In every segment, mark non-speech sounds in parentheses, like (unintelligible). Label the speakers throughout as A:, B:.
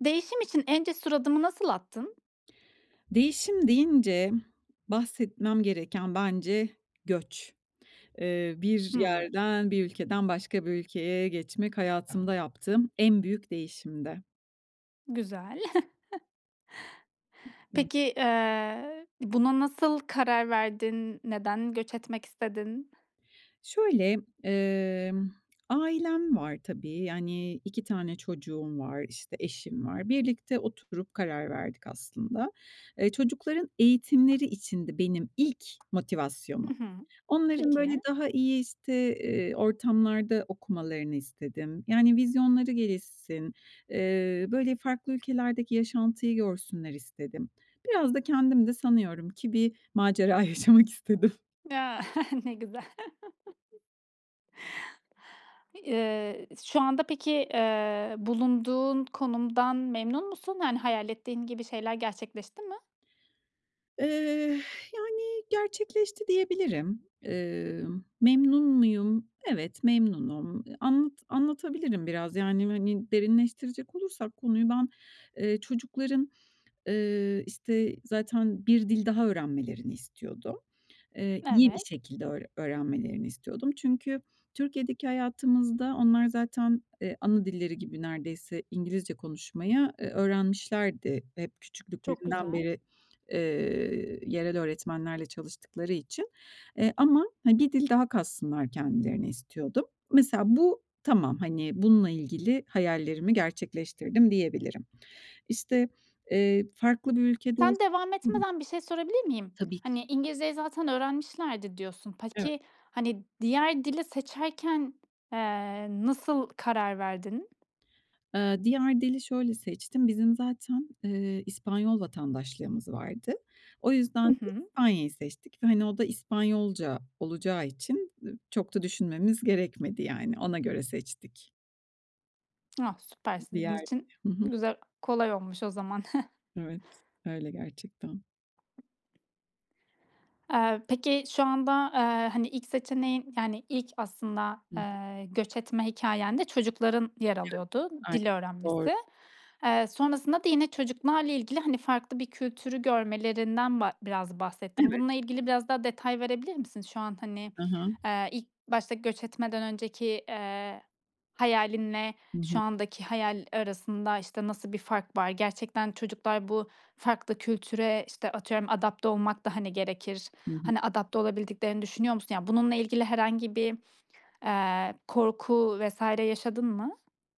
A: Değişim için en cesur adımı nasıl attın?
B: Değişim deyince bahsetmem gereken bence göç. Eee, bir
A: Hıı.
B: yerden bir ülkeden başka bir ülkeye geçmek hayatımda yaptığım en büyük değişimdi.
A: Güzel. (chuckles)
B: (unintelligible)
A: Peki, eee, buna nasıl karar verdin? Neden göç etmek istedin?
B: Şöyle emm, ailem var tabii. Yani, 2 tane çocuğum var. İşte, eşim var. Birlikte oturup karar verdik aslında. Eee, çocukların eğitimleri içindi benim ilk motivasyonum.
A: Hı hı.
B: Onların böyle,
A: Peki.
B: daha iyi işte, eee, ortamlarda okumalarını istedim. Yani, vizyonları gelişsin. Eee, böyle, farklı ülkelerdeki yaşantıyı görsünler istedim. Biraz da kendim de sanıyorum ki bir macera yaşamak istedim.
A: Ya, (chuckles) ne güzel. (chuckles) Eee, şu anda peki, eee, bulunduğun konumdan memnun musun? Yani hayal ettiğin gibi şeyler gerçekleşti mi?
B: Eh, yani, gerçekleşti, diyebilirim. Emm, memnun muyum? Evet, memnunum. Anlat anlatabilirim biraz. Yani, hani, derinleştirecek olursak konuyu ben, eee, çocukların, eee, işte, zaten bir dil daha öğrenmelerini istiyordum. Eee, iyi bir
A: Evet.
B: şekilde öğre öğrenmelerini istiyordum. Çünkü Türkiye'deki hayatımızda onlar zaten, eee, ana dilleri gibi neredeyse İngilizce konuşmayı, eee, öğrenmişlerdi hep
A: Çok
B: küçüklüklerinden
A: güzel.
B: beri, eee, yerel öğretmenlerle çalıştıkları için. Eee, ama, hani, bir dil daha katsınlar kendilerine istiyordum. Mesela, bu tamam. Hani, bununla ilgili hayallerimi gerçekleştirdim diyebilirim. İşte, eee, farklı bir ülkede ols
A: Sen devam
B: (unintelligible)
A: etmeden bir şey sorabilir miyim?
B: Tabii ki.
A: Hani, "İngilizceyi zaten öğrenmişlerdi." diyorsun.
B: Evet.
A: Peki, hani, diğer dili seçerken, eee, nasıl karar verdin?
B: Eee, diğer dili şöyle seçtim. Bizim zaten, eee, İspanyol vatandaşlığımız vardı. O yüzden
A: Hı
B: de
A: hı.
B: İspanya'yı seçtik ve, hani, o da İspanyolca olacağı için, ı çok da düşünmemiz gerekmedi yani. Ona göre seçtik.
A: Ah, süper sizin
B: Diğer.
A: için
B: Hı hı.
A: güzel kolay olmuş o zaman. (chuckles)
B: Evet. Öyle gerçekten.
A: Eee, peki, şu anda, eee, hani, ilk seçeneğin, yani, ilk aslında,
B: Hı hı.
A: eee, göç etme hikâyende çocukların yer
B: Evet.
A: alıyordu,
B: Aynen,
A: dil
B: doğru.
A: öğrenmesi. Eee, sonrasında da yine çocuklarla ilgili, hani, farklı bir kültürü görmelerinden ba biraz bahsettin.
B: Evet.
A: Bununla ilgili biraz daha detay verebilir misin? Şu an hani,
B: Hı hı.
A: eee, ilk başta göç etmeden önceki, eee, hayalin ile
B: Hı
A: şu
B: hı.
A: andaki hayal arasında, işte, nasıl bir fark var? Gerçekten çocuklar bu farklı kültüre, işte, atıyorum adapte olmak da, hani, gerekir.
B: Hı hı.
A: Hani, adapte olabildiklerini düşünüyor musun? Ya, bununla ilgili herhangi bir, eee, korku vs. yaşadın mı?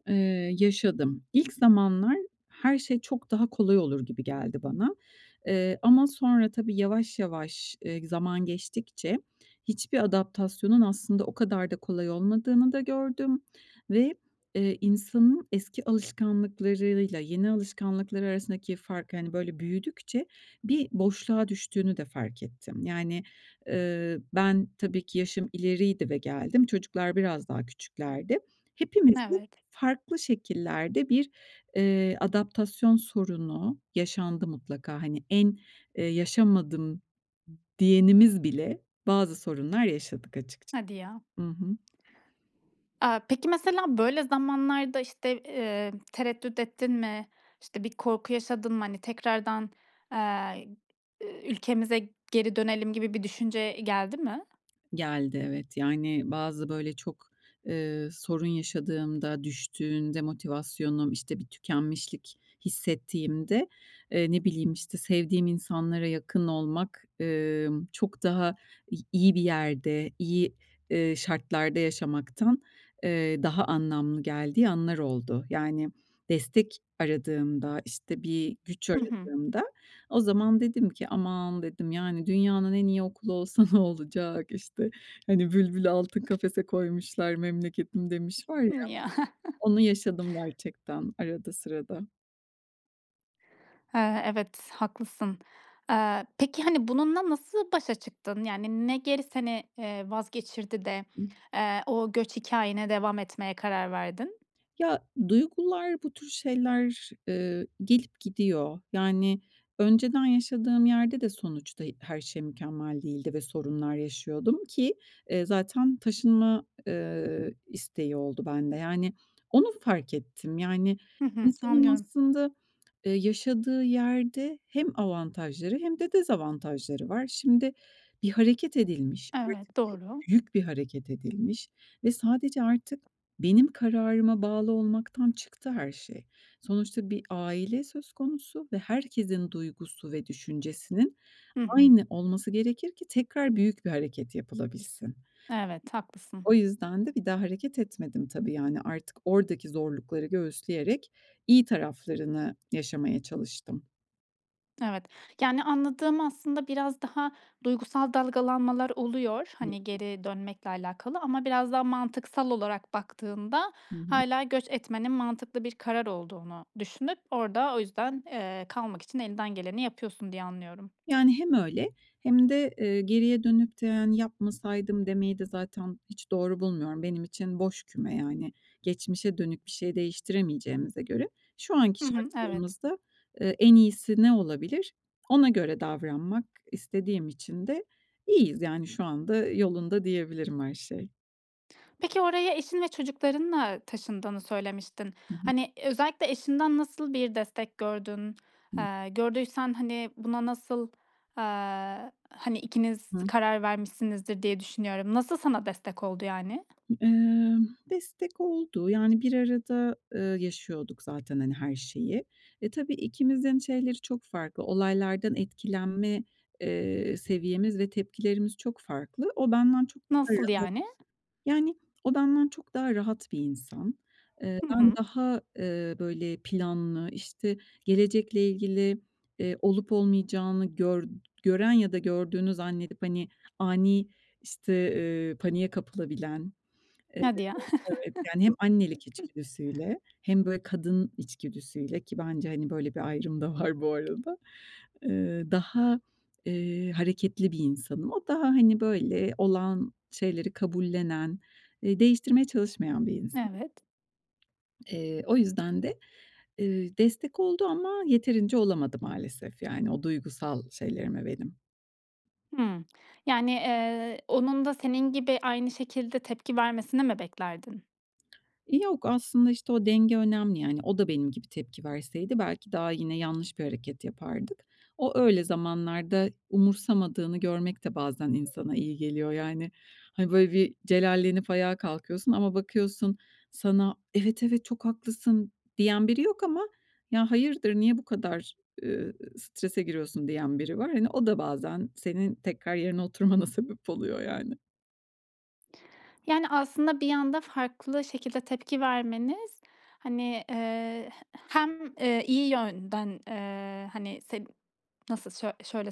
B: Eee, yaşadım. İlk zamanlar her şey çok daha kolay olur gibi geldi bana. Eee, ama sonra tabii yavaş yavaş, eee, zaman geçtikçe hiçbir adaptasyonun aslında o kadar da kolay olmadığını da gördüm ve, eee, insanın eski alışkanlıklarıyla yeni alışkanlıkları arasındaki farkı, hani, böyle büyüdükçe bir boşluğa düştüğünü de fark ettim. Yani, ııı, ben tabii ki yaşım ileriydi ve geldim. Çocuklar biraz daha küçüklerdi. Hepimiz bu
A: Evet.
B: farklı şekillerde bir, eee, adaptasyon sorunu yaşandı mutlaka. Hani, en, eee, yaşamadım d diyenimiz bile bazı sorunlar yaşadık açıkça.
A: Hadi ya.
B: Hı hı.
A: Aaa, peki, mesela böyle zamanlarda, işte, eee, tereddüt ettin mi? İşte, bir korku yaşadın mı, hani, tekrardan, eee, ııı, "Ülkemize geri dönelim." gibi bir düşünce geldi mi?
B: Geldi, evet. Yani, bazı böyle çok, eee, sorun yaşadığımda, düştüğünde motivasyonum, işte, bir tükenmişlik hissettiğimde, eee, ne bileyim işte, sevdiğim insanlara yakın olmak, ımm, çok daha i iyi bir yerde, iyi, ııı, şartlarda yaşamaktan, eee, daha anlamlı geldiği anlar oldu. Yani, destek aradığımda, işte, bir güç
A: Hı hı.
B: aradığımda o zaman dedim ki “Aman!" dedim, yani "Dünyanın en iyi okulu olsa ne olacak?“ İşte, hani, bülbülü altın kafese koymuşlar, "Memleketim." demiş var ya.
A: Hımm. Ya.
B: Onu yaşadım gerçekten arada sırada.
A: He, evet, haklısın. Eee, peki, hani, bununla nasıl başa çıktın? Yani, ne geri seni, eee, vazgeçirdi de,
B: (unintelligible)
A: eee, o göç hikâyene devam etmeye karar verdin?
B: Ya, duygular, bu tür şeyler, eee, gelip gidiyor. Yani, önceden yaşadığım yerde de sonuçta her şey mükemmel değildi ve sorunlar yaşıyordum ki, eee, zaten taşınma, eee, isteği oldu bende. Yani, onu fark ettim. Yani,
A: Hı hı.
B: insanın
A: Anlıyorum.
B: aslında eee, yaşadığı yerde hem avantajları hem de dezavantajları var. Şimdi, bir hareket edilmiş.
A: Evet, doğru.
B: büyük bir hareket edilmiş ve sadece artık benim kararıma bağlı olmaktan çıktı her şey. Sonuçta bir aile söz konusu ve herkesin duygusu ve düşüncesinin
A: Hı hı.
B: aynı olması gerekir ki tekrar büyük bir hareket yapılabilsin.
A: Evet, haklısın.
B: O yüzden de bir daha hareket etmedim tabii yani. Artık oradaki zorlukları göğüsleyerek iyi taraflarını yaşamaya çalıştım.
A: Evet. Yani anladığım, aslında biraz daha duygusal dalgalanmalar oluyor,
B: Hı
A: hani,
B: hı.
A: geri dönmekle alakalı ama biraz daha mantıksal olarak baktığında
B: Hı hı.
A: hâlâ göç etmenin mantıklı bir karar olduğunu düşünüp orda o yüzden, eee, kalmak için elinden geleni yapıyorsun diye anlıyorum.
B: Yani hem öyle, hem de, eee, geriye dönük de hani "Yapmasaydım." demeyi de zaten hiç doğru bulmuyorum. Benim için boş küme yani, geçmişe dönük bir şey değiştiremeyeceğimize göre. Şu anki
A: Hı hı. Evet.
B: şartlarımızda, eee, en iyisi ne olabilir? Ona göre davranmak istediğim için de iyiyiz yani. Şu anda yolunda, diyebilirim, her şey.
A: Peki oraya eşin ve çocuklarınla taşındığını söylemiştin.
B: Hı hı.
A: Hani, özellikle eşinden nasıl bir destek gördün?
B: Hı.
A: Eee, gördüysen, hani, buna nasıl, aaa, hani ikiniz
B: Hı.
A: karar vermişsinizdir diye düşünüyorum, nasıl sana destek oldu yani?
B: Iıı, destek oldu. Yani bir arada, eee, yaşıyorduk zaten, hani, her şeyi. E, tabii ikimizin şeyleri çok farklı. Olaylardan etkilenme, eee, seviyemiz ve tepkilerimiz çok farklı. O benden çok daha
A: Nasıl
B: rahat
A: yani?
B: Yani o benden çok daha rahat bir insan. Eee,
A: Hı
B: ben
A: hı.
B: daha, eee, böyle planlı, işte, gelecekle ilgili, eee, olup olmayacağını gör gören ya da gördüğünü zannedip hani ani işte, eee, paniğe kapılabilen. Evet,
A: Hadi ya.
B: evet, evet yani hem annelik
A: (chuckles)
B: içgüdüsüyle hem böyle kadın içgüdüsüyle ki bence, hani, böyle bir ayrım da var bu arada. Eee, daha, eee, hareketli bir insanım. O daha hani böyle olan şeyleri kabullenen, eee, değiştirmeye çalışmayan bir insan.
A: Evet.
B: Eee, o yüzden de, eee, destek oldu ama yeterince olamadı maalesef, yani o duygusal şeylerime benim.
A: Hımm. Yani, eee, onun da senin gibi aynı şekilde tepki vermesini mi beklerdin?
B: Yok. Aslında, işte, o denge önemli, yani. O da benim gibi tepki verseydi belki daha yine yanlış bir hareket yapardık. O öyle zamanlarda umursamadığını görmek de bazen insana iyi geliyor. Yani, hani, böyle bir celallenip ayağa kalkıyorsun ama bakıyorsun sana “Evet, evet, çok haklısın.“ diyen biri yok ama ya “Hayırdır? Niye bu kadar“, eee, "strese giriyorsun?" diyen biri var. Hani o da bazen senin tekrar yerine oturmana sebep oluyor yani.
A: Yani, aslında bir anda farklı şekilde tepki vermeniz, hani, eee, he hem, eee, iyi yönden, eee, hani seni nasıl söy şöyle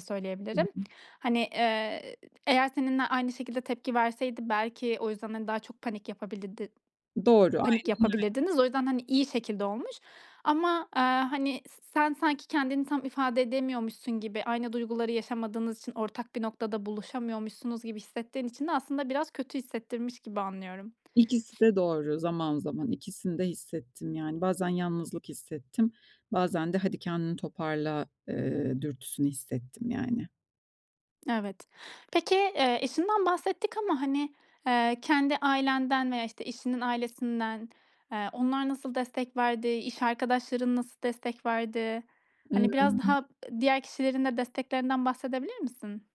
B: Hı
A: söyleyebilirim,
B: hı.
A: hani, eee, eğer seninle aynı şekilde tepki verseydi belki o yüzden, hani, daha çok panik yapabilirdi
B: Doğru.
A: panik
B: Aynen, aynen.
A: yapabilirdiniz. O yüzden, hani, iyi şekilde olmuş. Ama, eee, hani, s sen sanki kendini tam ifade edemiyormuşsun gibi, aynı duyguları yaşamadığınız için ortak bir noktada buluşamıyormuşsunuz gibi hissettiğin için de aslında biraz kötü hissettirmiş gibi anlıyorum.
B: İkisi
A: (sniffs)
B: de doğru zaman zaman. İkisini de hissettim yani. Bazen yalnızlık hissettim. Bazen de "Hadi, kendini toparla.", eee, dürtüsünü hissettim, yani.
A: Evet, peki, eee, eşinden bahsettik ama, hani, eee, kendi ailenden veya işte eşinin ailesinden, eee, onlar nasıl destek verdi, iş arkadaşların nasıl destek verdi? Hani, biraz daha,
B: (unintelligible)
A: ııı, diğer kişilerin de desteklerinden bahsedebilir misin?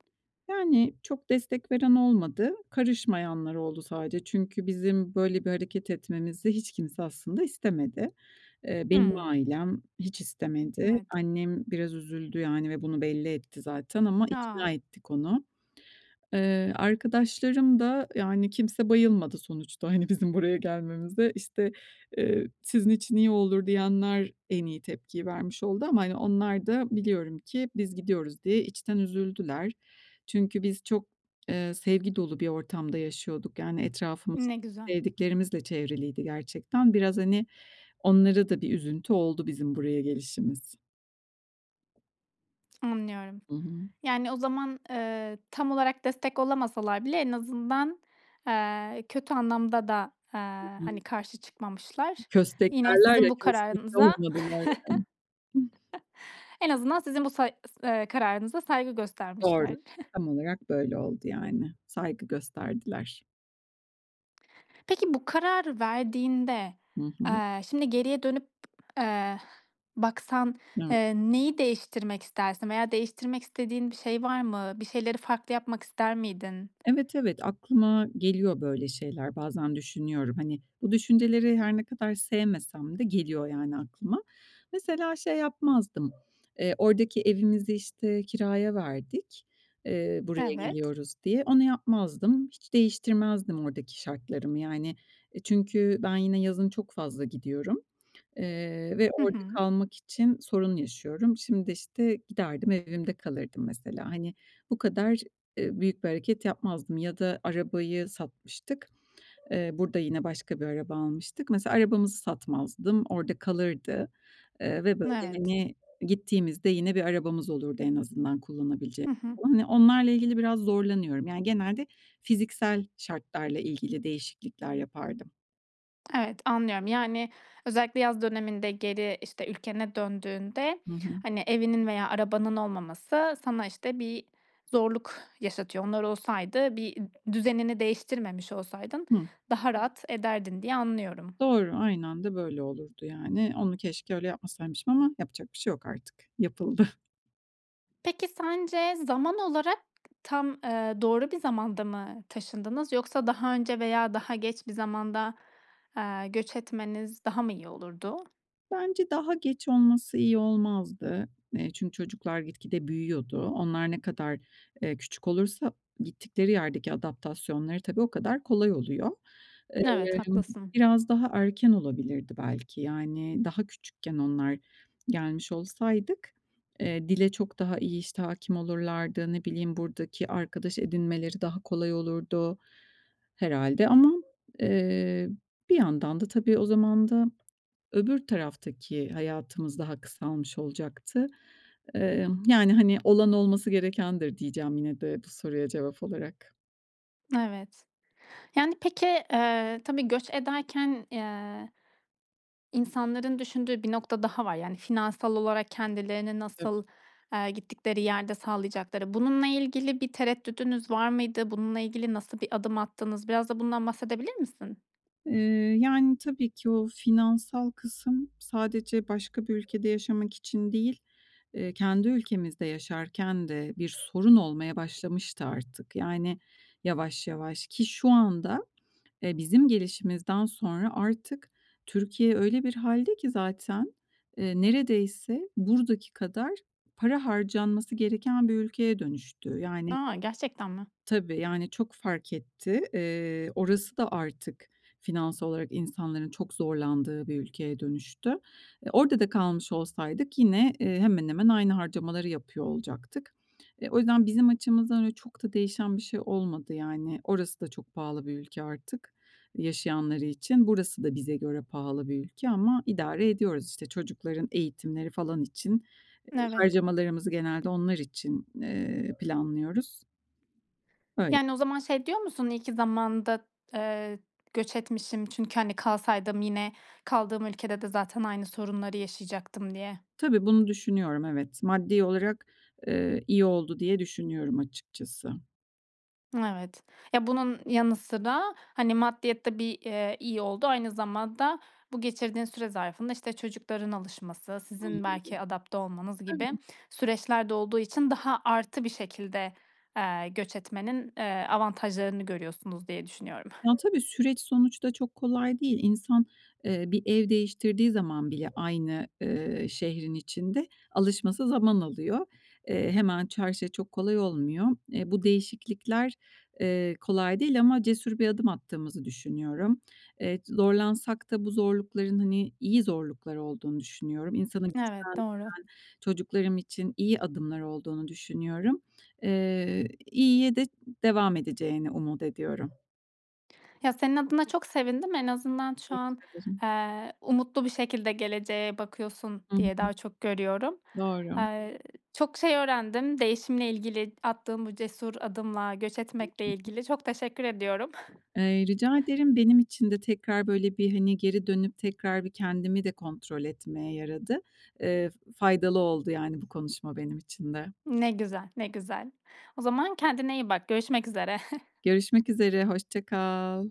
B: Yani, çok destek veren olmadı. Karışmayanlar oldu sadece. Çünkü bizim böyle bir hareket etmemizi hiç kimse aslında istemedi. Eee, benim
A: Hımm
B: ailem hiç istemedi.
A: Evet.
B: Annem biraz üzüldü yani ve bunu belli etti zaten ama
A: A.
B: ikna ettik onu. Iıı, arkadaşlarım da, yani, kimse bayılmadı sonuçta, hani, bizim buraya gelmemize. İşte, ııı, "Sizin için iyi olur." diyenler en iyi tepkiyi vermiş oldu ama, hani, onlar da biliyorum ki biz gidiyoruz diye içten üzüldüler. Çünkü biz çok, eee, sevgi dolu bir ortamda yaşıyorduk. Yani, etrafımız
A: Ne güzel.
B: sevdiklerimizle çevriliydi gerçekten. Biraz, hani, onlara da bir üzüntü oldu bizim buraya gelişimiz.
A: Anlıyorum.
B: Hı hı.
A: Yani, o zaman, eee, tam olarak destek olamasalar bile en azından, eee, kötü anlamda da, eee, hani,
B: (unintelligible)
A: karşı çıkmamışlar.
B: Köstek
A: Yine,
B: derler
A: sizin
B: ya,
A: bu
B: köstek de
A: kararınıza
B: olmadım öyle.
A: (chuckles) En azından sizin bu say ııı, s kararınıza saygı
B: Doğru.
A: göstermişler. (chuckles)
B: Tam olarak böyle oldu, yani. Saygı gösterdiler.
A: Peki, bu kararı verdiğinde,
B: Hı hı.
A: eee, şimdi geriye dönüp, eee, baksan,
B: Evet.
A: eee, neyi değiştirmek istersin veya değiştirmek istediğin bir şey var mı? Bir şeyleri farklı yapmak ister miydin?
B: Evet, evet. Aklıma geliyor, böyle şeyler, bazen düşünüyorum. Hani, bu düşünceleri her ne kadar sevmesem de geliyor yani aklıma. Mesela şey yapmazdım, eee, oradaki evimizi, işte, kiraya verdik, eee, buraya
A: Evet.
B: geliyoruz diye. Onu yapmazdım. Hiç değiştirmezdim oradaki şartlarımı yani. E, çünkü ben yine yazın çok fazla gidiyorum, eee, ve
A: Hı
B: orada
A: hı.
B: kalmak için sorun yaşıyorum. Şimdi de, işte, giderdim, evimde kalırdım, mesela. Hani, bu kadar, eee, büyük bir hareket yapmazdım ya da arabayı satmıştık. Eee, burada yine başka bir araba almıştık. Mesela, arabamızı satmazdım, orada kalırdı. Eee, ve, böyle,
A: Evet.
B: hani, gittiğimizde yine bir arabamız olurdu, en azından kullanabilecek
A: Hı hı.
B: falan. Hani onlarla ilgili biraz zorlanıyorum. Yani, genelde fiziksel şartlarla ilgili değişiklikler yapardım.
A: Evet, anlıyorum, yani, özellikle yaz döneminde geri, işte, ülkene döndüğünde,
B: Hı hı.
A: hani, evinin veya arabanın olmaması sana, işte, bir zorluk yaşatıyor. Onlar olsaydı, bir d düzenini değiştirmemiş olsaydın
B: Hı.
A: daha rahat ederdin diye anlıyorum.
B: Doğru. Aynen de böyle olurdu yani. Onu keşke öyle yapmasaymışım ama yapacak bir şey yok artık. Yapıldı.
A: Peki, sence zaman olarak tam, ııı, doğru bir zamanda mı taşındınız yoksa daha önce veya daha geç bir zamanda, eee, göç etmeniz daha mı iyi olurdu?
B: Bence daha geç olması iyi olmazdı. Eee, çünkü çocuklar gitgide büyüyordu. Onlar ne kadar, eee, küçük olursa gittikleri yerdeki adaptasyonları tabii o kadar kolay oluyor. Eee,
A: Evet, haklısın.
B: biraz daha erken olabilirdi belki. Yani, daha küçükken onlar gelmiş olsaydık, eee, dile çok daha iyi, işte, hâkim olurlardı. Ne bileyim, buradaki arkadaş edinmeleri daha kolay olurdu herhâlde. Ama, eee, bir yandan da tabii o zaman da öbür taraftaki hayatımız daha kısalmış olacaktı. Eee, yani, hani, "Olan, olması gerekendir." diyeceğim yine de bu soruya cevap olarak.
A: Evet. Yani, peki, eee, tabii göç ederken, eee, insanların düşündüğü bir nokta daha var. Yani, finansal olarak kendilerini
B: Tabii.
A: nasıl, eee, gittikleri yerde sağlayacakları. Bununla ilgili bir tereddüdünüz var mıydı, bununla ilgili nasıl bir adım attınız? Biraz da bundan bahsedebilir misin?
B: Eee, yani, tabii ki o finansal kısım sadece başka bir ülkede yaşamak için değil, eee, kendi ülkemizde yaşarken de bir sorun olmaya başlamıştı artık yani yavaş yavaş. Ki şu anda, eee, bizim gelişimizden sonra artık Türkiye öyle bir hâlde ki zaten, eee, neredeyse buradaki kadar para harcanması gereken bir ülkeye dönüştü. Yani
A: A! Gerçekten mi?
B: Tabii. Yani, çok fark etti. Eee, orası da artık finansal olarak insanların çok zorlandığı bir ülkeye dönüştü. E, orada da kalmış olsaydık yine, eee, hemen hemen aynı harcamaları yapıyor olacaktık. E, o yüzden bizim açımızdan öyle çok da değişen bir şey olmadı yani. Orası da çok pahalı bir ülke artık yaşayanları için. Burası da bize göre pahalı bir ülke ama idare ediyoruz, işte. Çocukların eğitimleri falan için, eee,
A: Evet.
B: harcamalarımızı genelde onlar için, eee, planlıyoruz. Öyle.
A: Yani, o zaman şey diyor musun: İyi ki zamanında, eee, göç etmişim çünkü, hani, kalsaydım yine kaldığım ülkede de zaten aynı sorunları yaşayacaktım diye.
B: Tabii bunu düşünüyorum, evet. Maddi olarak, eee, iyi oldu diye düşünüyorum açıkçası.
A: Evet. Ya, bunun yanı sıra, hani, maddiyat da bir, eee, iyi oldu, aynı zamanda bu geçirdiğin süre zarfında, işte, çocukların alışması, sizin
B: Anladım. E,
A: belki adapte olmanız gibi
B: tabii.
A: süreçlerde olduğu için daha artı bir şekilde, eee, göç etmenin, eee, avantajlarını görüyorsunuz diye düşünüyorum.
B: Ya, tabii süreç sonuçta çok kolay değil. İnsan, eee, bir ev değiştirdiği zaman bile aynı, ııı, şehrin içinde alışması zaman alıyor. Eee, hemen ça her şey çok kolay olmuyor. Eee, bu değişiklikler, eee, kolay değil ama cesur bir adım attığımızı düşünüyorum. Eee, zorlansak da bu zorlukların, hani, iyi zorluklar olduğunu düşünüyorum. İnsanı
A: Evet,
B: güçlendiren
A: doğru.
B: çocuklarım için iyi adımlar olduğunu düşünüyorum. Eee, iyiye de devam edeceğini umut ediyorum.
A: Ya, senin adına çok sevindim, en azından şu an,
B: Teşekkür ederim.
A: eee, umutlu bir şekilde geleceğe bakıyorsun
B: I
A: diye
B: hı.
A: daha çok görüyorum.
B: Doğru.
A: Eee, çok şey öğrendim, değişimle ilgili attığın bu cesur adımla göç etmekle
B: (unintelligible)
A: ilgili. Çok teşekkür ediyorum. (chuckles)
B: Eee, rica ederim. Benim için de tekrar böyle bir, hani, geri dönüp, tekrar bir kendimi de kontrol etmeye yaradı. Eee, f faydalı oldu yani bu konuşma benim için de.
A: Ne güzel, ne güzel. O zaman kendine iyi bak görüşmek üzere. (chuckles)
B: Görüşmek üzere. Hoşça kal.